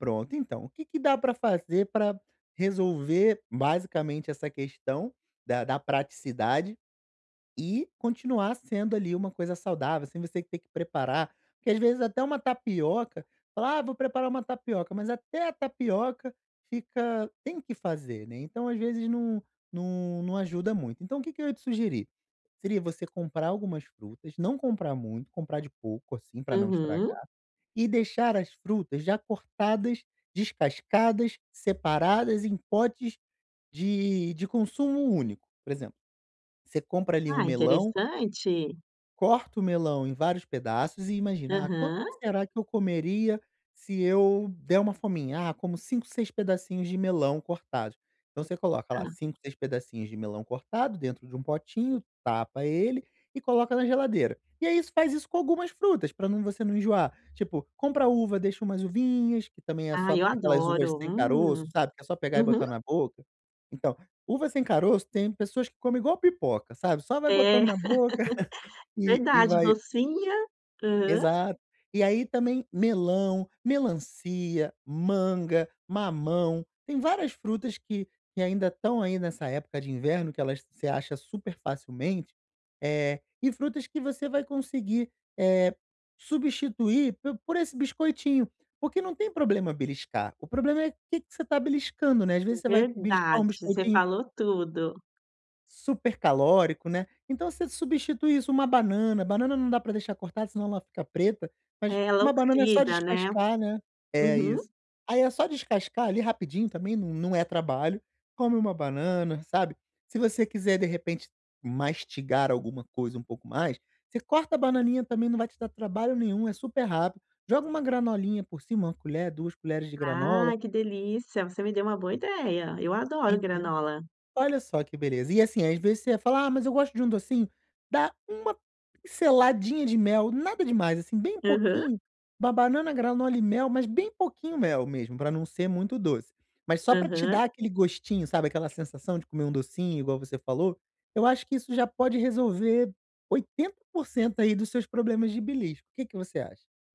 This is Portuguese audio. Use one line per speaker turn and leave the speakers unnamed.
Pronto, então, o que que dá para fazer para resolver basicamente essa questão da da praticidade e continuar sendo ali uma coisa saudável, sem você ter preparar, porque às vezes até uma tapioca, fala "ah, vou preparar uma tapioca," mas até a tapioca fica tem que fazer né, então às vezes não não não ajuda muito. Então o que que eu ia te sugerir, seria você comprar algumas frutas, não comprar muito, comprar de pouco assim para não
Uhum.
estragar, e deixar as frutas já cortadas, descascadas, separadas em potes de de consumo único. Por exemplo, você compra ali um
Ah,
melão
interessante.
corta o melão em vários pedaços e imagina, ah quanto
Aham.
será que eu comeria se eu der uma fominha? Ah como 5, 6 pedacinhos de melão cortados. Então você coloca lá
Ah.
5, 6 pedacinhos de melão cortado dentro de um potinho tapa ele e coloca na geladeira. E é isso, faz isso com algumas frutas para não você não enjoar. Tipo, compra uva, deixa umas uvinhas, que também é
Ai
só
eu
aquelas uvas
adoro,
sem
hum.
caroço, sabe, que é só pegar e
Uhum.
botar na boca. Então, uva sem caroço tem pessoas que comem igual pipoca, sabe, só vai
É,
botando na boca e e
verdade,
vai
docinha, aham.
Exato. E aí também melão, melancia, manga, mamão, tem várias frutas que que ainda estão aí nessa época de inverno que elas você acha super facilmente, eh, e frutas que você vai conseguir, eh, substituir por por esse biscoitinho. Porque não tem problema beliscar, o problema é o que que você está beliscando, né, às vezes você vai beliscar
Verdade,
um
você
biscoitinho
falou tudo.
super calórico, né, então você substitui isso, uma banana, banana não dá pra deixar cortada senão ela fica preta, mas
Ela
uma banana é só
oxida, né.
descascar, né, é
Uhum.
isso. Aí é só descascar ali rapidinho também, não é trabalho, come uma banana, sabe, se você quiser de repente mastigar alguma coisa um pouco mais, você corta a bananinha também não vai te dar trabalho nenhum, é super rápido, joga uma granolinha por cima, uma colher, duas colheres de granola.
Ai que delícia, você me deu uma boa ideia, eu adoro
Entendo.
granola.
Olha só que beleza e assim às vezes você ia falar ah mas eu gosto de um docinho, dá uma pinceladinha de mel, nada demais assim bem
Aham.
pouquinho, uma banana granola e mel, mas bem pouquinho mel mesmo, para não ser muito doce. Mas só pra te
Aham.
dar aquele gostinho, sabe, aquela sensação de comer um docinho igual você falou, eu acho que isso já pode resolver 80% aí dos seus problemas de belisco. O que que você acha?